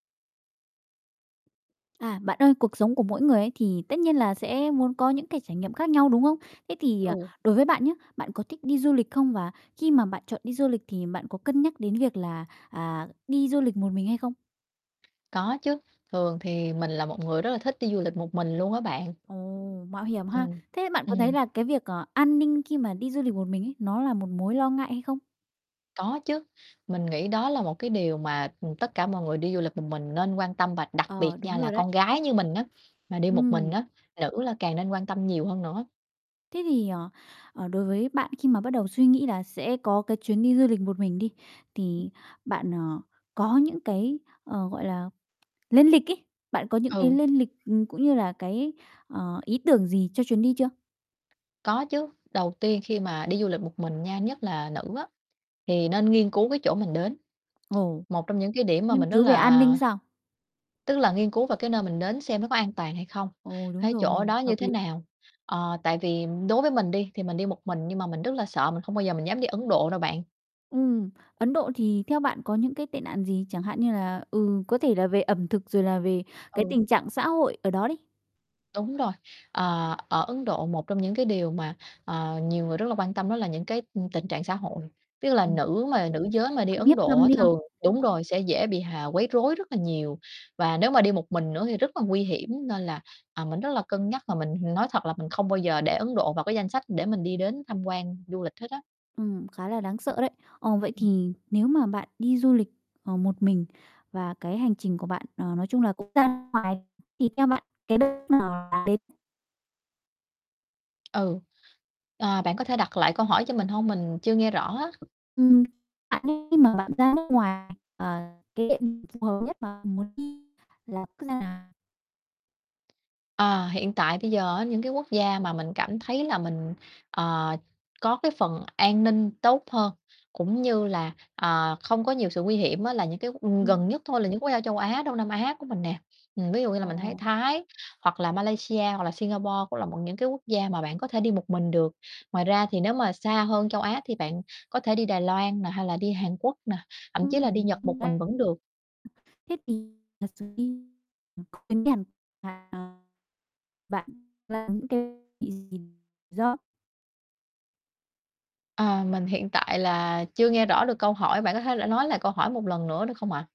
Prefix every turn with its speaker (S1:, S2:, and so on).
S1: À, bạn ơi, cuộc sống của mỗi người ấy, thì tất nhiên là sẽ muốn có những cái trải nghiệm khác nhau, đúng không? Thế thì, ờ,
S2: Ừ.
S1: đối với bạn nhá, bạn có thích đi du lịch không? Và khi mà bạn chọn đi du lịch thì bạn có cân nhắc đến việc là, à, đi du lịch một mình hay không?
S2: Có chứ, thường thì mình là một người rất là thích đi du lịch một mình luôn á bạn.
S1: Ồ, mạo hiểm ha?
S2: Ừm,
S1: Thế bạn có thấy
S2: ừm.
S1: là cái việc, ờ, an ninh khi mà đi du lịch một mình ấy, nó là một mối lo ngại hay không?
S2: Có chứ, mình nghĩ đó là một cái điều mà, ưm, tất cả mọi người đi du lịch một mình nên quan tâm, và đặc biệt
S1: Ờ,
S2: nha,
S1: đúng
S2: là
S1: rồi đấy.
S2: con gái như mình á, mà đi một mình
S1: Ừm.
S2: á, nữ là càng nên quan tâm nhiều hơn nữa.
S1: Thế thì, ờ, ờ, đối với bạn khi mà bắt đầu suy nghĩ là sẽ có cái chuyến đi du lịch một mình đi, thì bạn, ờ, có những cái, ờ, gọi là, lên lịch ấy, bạn có những cái
S2: Ừ.
S1: lên lịch, ừm, cũng như là cái, ờ, ý tưởng gì cho chuyến đi chưa?
S2: Có chứ, đầu tiên khi mà đi du lịch một mình nha, nhất là nữ á, thì nên nghiên cứu cái chỗ mình đến.
S1: Ồ.
S2: Một trong những cái điểm mà
S1: Nghiên
S2: mình rất
S1: cứu về an
S2: là
S1: ninh sao?
S2: Tức là nghiên cứu vào cái nơi mình đến, xem nó có an toàn hay không,
S1: Ồ, đúng
S2: cái chỗ
S1: rồi,
S2: đó như
S1: hợp
S2: thế
S1: lý.
S2: nào? Ờ, tại vì đối với mình đi, thì mình đi một mình nhưng mà mình rất là sợ, mình không bao giờ mình dám đi Ấn Độ đâu bạn.
S1: Ừm, Ấn Độ thì theo bạn có những cái tệ nạn gì? Chẳng hạn như là, ừ, có thể là về ẩm thực, rồi là về cái
S2: Ừ.
S1: tình trạng xã hội ở đó đi?
S2: Đúng rồi, ờ, ở Ấn Độ, một trong những cái điều mà, ờ, nhiều người rất là quan tâm, đó là những cái, ừm, tình trạng xã hội, ví dụ là
S1: Ừm,
S2: nữ mà nữ giới mà đi
S1: phạm
S2: Ấn
S1: hiếp
S2: Độ
S1: dâm
S2: á,
S1: đi ha?
S2: thường đúng rồi, sẽ dễ bị h à, quấy rối rất là nhiều, và nếu mà đi một mình nữa thì rất là nguy hiểm. Nên là, à, mình rất là cân nhắc, và mình nói thật là mình không bao giờ để Ấn Độ vào cái danh sách để mình đi đến tham quan du lịch hết á.
S1: Ừm, khá là đáng sợ
S2: Ưm,
S1: đấy. Ờ, vậy
S2: ừm.
S1: thì nếu mà bạn đi du lịch, ờ, một mình, và cái hành trình của bạn, ờ, nói chung là cũng ra ngoài, thì theo bạn cái đất nước nào đến?
S2: Ừ, ờ, bạn có thể đặt lại câu hỏi cho mình hông? Mình chưa nghe rõ á.
S1: Ừm. Bạn nghĩ khi mà bạn ra nước ngoài, ờ, cái [unintelligible] phù hợp nhất mà mình muốn đi là quốc gia nào?
S2: Ờ, hiện tại bây giờ á, những cái quốc gia mà mình cảm thấy là mình, ờ, có cái phần an ninh tốt hơn, cũng như là, ờ, không có nhiều sự nguy hiểm á, là những cái q gần
S1: Ừm.
S2: nhất thôi, là những quốc gia châu Á, Đông Nam Á của mình nè. Ừm, ví dụ như là mình thấy
S1: Ồ.
S2: Thái, hoặc là Malaysia, hoặc là Singapore cũng là một những cái quốc gia mà bạn có thể đi một mình được. Ngoài ra thì nếu mà xa hơn châu Á, thì bạn có thể đi Đài Loan nè, hay là đi Hàn Quốc nè, thậm chí là đi Nhật
S1: Ừm.
S2: một
S1: Đúng đấy.
S2: mình vẫn được.
S1: Thế thì thật sự đi [unintelligible] bạn là những cái [unintelligible]
S2: À. Mình hiện tại là chưa nghe rõ được câu hỏi, bạn có thể là nói lại câu hỏi một lần nữa được không ạ?